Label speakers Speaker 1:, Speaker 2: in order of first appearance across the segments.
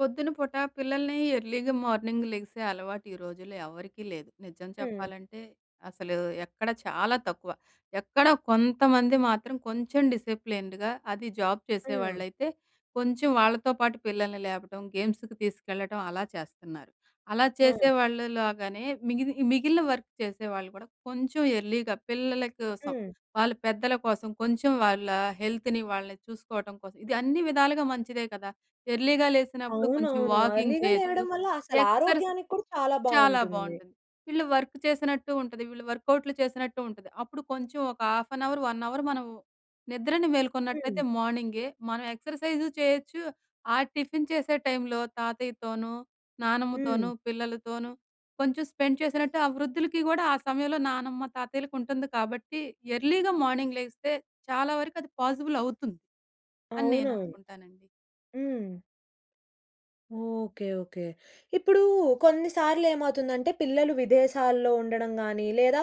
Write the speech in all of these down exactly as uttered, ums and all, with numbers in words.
Speaker 1: పొద్దున పూట పిల్లల్ని ఎర్లీగా మార్నింగ్ లెగిసే అలవాటు ఈ రోజుల్లో ఎవరికీ లేదు. నిజం
Speaker 2: హ్మ్.
Speaker 1: చెప్పాలంటే అసలు ఎక్కడా చాలా తక్కువ. ఎక్కడ కొంతమంది మాత్రం కొంచెం డిసిప్లిన్డ్‌గా అది జాబ్
Speaker 2: హ్మ్.
Speaker 1: చేసేవాళ్ళైతే, కొంచెం వాళ్ళతో పాటు పిల్లల్ని లేపడం, గేమ్స్‌కి తీసుకెళ్లడం, అలా చేస్తున్నారు. అలా
Speaker 2: హ్మ్.
Speaker 1: చేసేవాళ్ళు లాగానే మిగిలి మిగిలిన వర్క్ చేసేవాళ్ళు కూడా కొంచెం ఎర్లీగా పిల్లల కోసం,
Speaker 2: హ్మ్.
Speaker 1: వాళ్ళు పెద్దల కోసం కొంచెం వాళ్ళ హెల్త్‌ని వాళ్ళని చూసుకోవటం కోసం, ఇది అన్ని విధాలుగా మంచిదే కదా! ఎర్లీగా లేసినప్పుడు కొంచెం
Speaker 2: అవునవును.
Speaker 1: వాకింగ్
Speaker 2: ఎర్లీగా
Speaker 1: చేయొచ్చు.
Speaker 2: లేవడం వల్ల
Speaker 1: ఎక్సర్‌సైజ్
Speaker 2: అసలారోగ్యానికి కూడా చాలా
Speaker 1: చాలా
Speaker 2: బాగుంటుంది.
Speaker 1: బాగుంటుంది. వీళ్ళు వర్క్ చేసినట్టు ఉంటది. వీళ్ళు వర్కౌట్‌లు చేసినట్టు ఉంటుది. అప్పుడు కొంచెం ఒక half an hour, one hour మనం నిద్రని మేల్కొన్నట్లయితే
Speaker 2: హ్మ్.
Speaker 1: మార్నింగే మనం ఎక్సర్‌సైజ్ చేయొచ్చు ఆహ్, టిఫిన్ చేసే టైమ్‌లో తాతయ్యతోను,
Speaker 2: హ్మ్.
Speaker 1: నానమ్మతోను, పిల్లలతోనూ కొంచెం స్పెండ్ చేసినట్టు, ఆ వృద్ధులకి కూడా ఆ సమయంలో నానమ్మ తాతయ్యలకుంటుంది కాబట్టి ఎర్లీగా మార్నింగ్ లేగిస్తే చాలా వరకు అది పాజిబుల్ అవుతుంది అని నేను
Speaker 2: అవునవును.
Speaker 1: అనుకుంటానండి.
Speaker 2: హ్మ్. Okay okay. ఇప్పుడూ కొన్ని సార్లు ఏమవుతుందంటే పిల్లలు విదేశాల్లో ఉండడం గాని, లేదా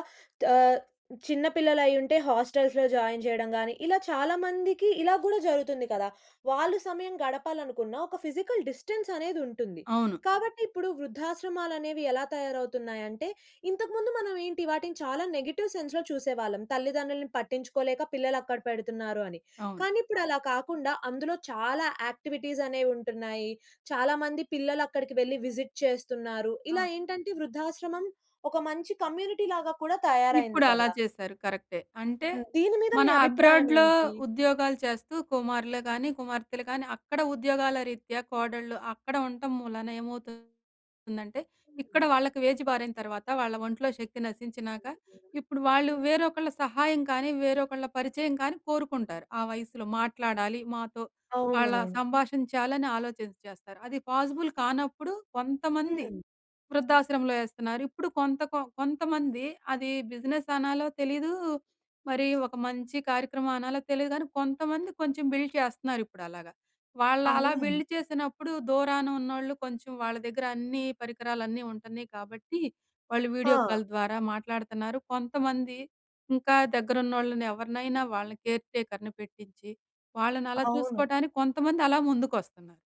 Speaker 2: ఆహ్, చిన్న పిల్లలైయ్యుంటే హాస్టల్స్‌లో జాయిన్ చేయడం గాని, ఇలా చాలా మందికి ఇలా కూడా జరుగుతుంది కదా! వాళ్ళు సమయం గడపాలనుకున్నా ఒక ఫిజికల్ డిస్టెన్స్ అనేదుంటుంది.
Speaker 1: అవును.
Speaker 2: కాబట్టి ఇప్పుడు వృద్ధాశ్రమాలనేవి ఎలా తయారవుతున్నాయంటే ఇంతకు ముందు మనమేంటి వాటిని చాలా నెగెటివ్ సెన్స్‌లో చూసేవాళ్ళం. తల్లిదండ్రులని పట్టించుకోలేక పిల్లలక్కడ పెడుతున్నారు అని.
Speaker 1: అవును.
Speaker 2: కానీ ఇప్పుడలా కాకుండా అందులో చాలా యాక్టివిటీస్ అనేవుంటున్నాయి. చాలా మంది పిల్లలు అక్కడికి వెళ్లి విజిట్ చేస్తున్నారు. ఇలా
Speaker 1: అవును.
Speaker 2: ఏంటంటే వృద్ధాశ్రమం ఒక మంచి కమ్యూనిటీలాగా కూడా తయారయింది
Speaker 1: ఇప్పుడలా
Speaker 2: కదా!
Speaker 1: చేశారు కరెక్టే. అంటే
Speaker 2: హ్మ్. దీని మీద మీ
Speaker 1: మన అబ్రాడ్‌లో
Speaker 2: అభిప్రాయమేంటి?
Speaker 1: ఉద్యోగాలు చేస్తూ కుమారులే కానీ, కుమార్తెలే కానీ, అక్కడ ఉద్యోగాల రీత్యా కోడళ్ళు, అక్కడ ఉంటం మూలాన ఏమవుతుందంటే ఇక్కడ వాళ్ళకి ఏజ్ బారైన తర్వాత వాళ్ళ ఒంట్లో శక్తి నశించినాక, ఇప్పుడు వాళ్ళు వేరొకళ్ళ సహాయం కానీ, వేరొకళ్ళ పరిచయం కానీ కోరుకుంటారు. ఆ వయస్సులో మాట్లాడాలి మాతో, వాళ్ళ
Speaker 2: అవునవును.
Speaker 1: సంభాషించాలని ఆలోచించి చేస్తారు. అది పాజిబుల్ కానప్పుడు కొంతమంది
Speaker 2: హ్మ్.
Speaker 1: వృద్ధాశ్రమంలో ఏస్తున్నారు. ఇప్పుడు కొంత కొంతమంది అది బిజినెస్ అనాలో తెలీదూ, మరి ఒక మంచి కార్యక్రమం అనాలో తెలియదు కానీ, కొంతమంది కొంచెం బిల్డ్ చేస్తున్నారు ఇప్పుడలాగా. వాళ్ళలా
Speaker 2: అవును.
Speaker 1: బిల్డ్ చేసినప్పుడు దూరానున్నోళ్ళు కొంచెం వాళ్ళ దగ్గర అన్నీ పరికరాలన్నీ ఉంటున్నాయి. కాబట్టి వాళ్ళు వీడియో
Speaker 2: హా!
Speaker 1: కాల్ ద్వారా మాట్లాడుతున్నారు. కొంతమంది ఇంకా దగ్గరున్నోళ్ళనెవరినైనా వాళ్ళని కేర్ టేకర్‌ని పెట్టిచ్చి, వాళ్ళనలా
Speaker 2: అవును.
Speaker 1: చూసుకోవడానికి కొంతమందలా ముందుకొస్తున్నారు.